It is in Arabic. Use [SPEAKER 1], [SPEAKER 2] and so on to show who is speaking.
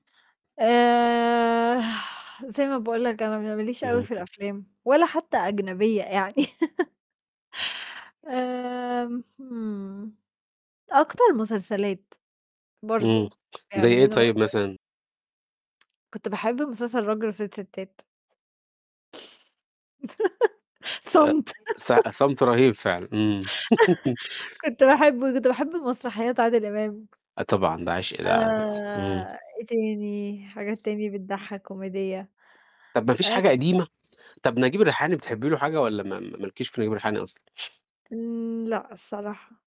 [SPEAKER 1] آآ زي ما باقول لك أنا ما ل ما ليش أوي
[SPEAKER 2] اهم.
[SPEAKER 1] في الأفلام ولا حتى أجنبية يعني. آمم، اهم، أكتر مسلسلات،
[SPEAKER 2] إمم،
[SPEAKER 1] برضه،
[SPEAKER 2] زي
[SPEAKER 1] يعني
[SPEAKER 2] إيه
[SPEAKER 1] أنا ما
[SPEAKER 2] طيب
[SPEAKER 1] أقدرش
[SPEAKER 2] مثلًا؟
[SPEAKER 1] كنت باحب مسلسل راجل وسِت ستات.
[SPEAKER 2] آآ،
[SPEAKER 1] صمت.
[SPEAKER 2] ص صمت رهيب فعلًا، إمم.
[SPEAKER 1] كنت باحب كنت باحب مسرحيّات عادل إمام.
[SPEAKER 2] آه، طبعًا ده عِشق ده، إمم.
[SPEAKER 1] آآ، إيه تاني، حاجات تاني بتضحّك كوميدية؟
[SPEAKER 2] طَب ما فيش حاجة
[SPEAKER 1] [unintelligible]
[SPEAKER 2] قديمة؟ طَب نجيب الريحاني بتحبّي له حاجة والّا ما ما ما لكيش في نجيب الريحاني أصلًا؟
[SPEAKER 1] إمم، لأ الصراحة.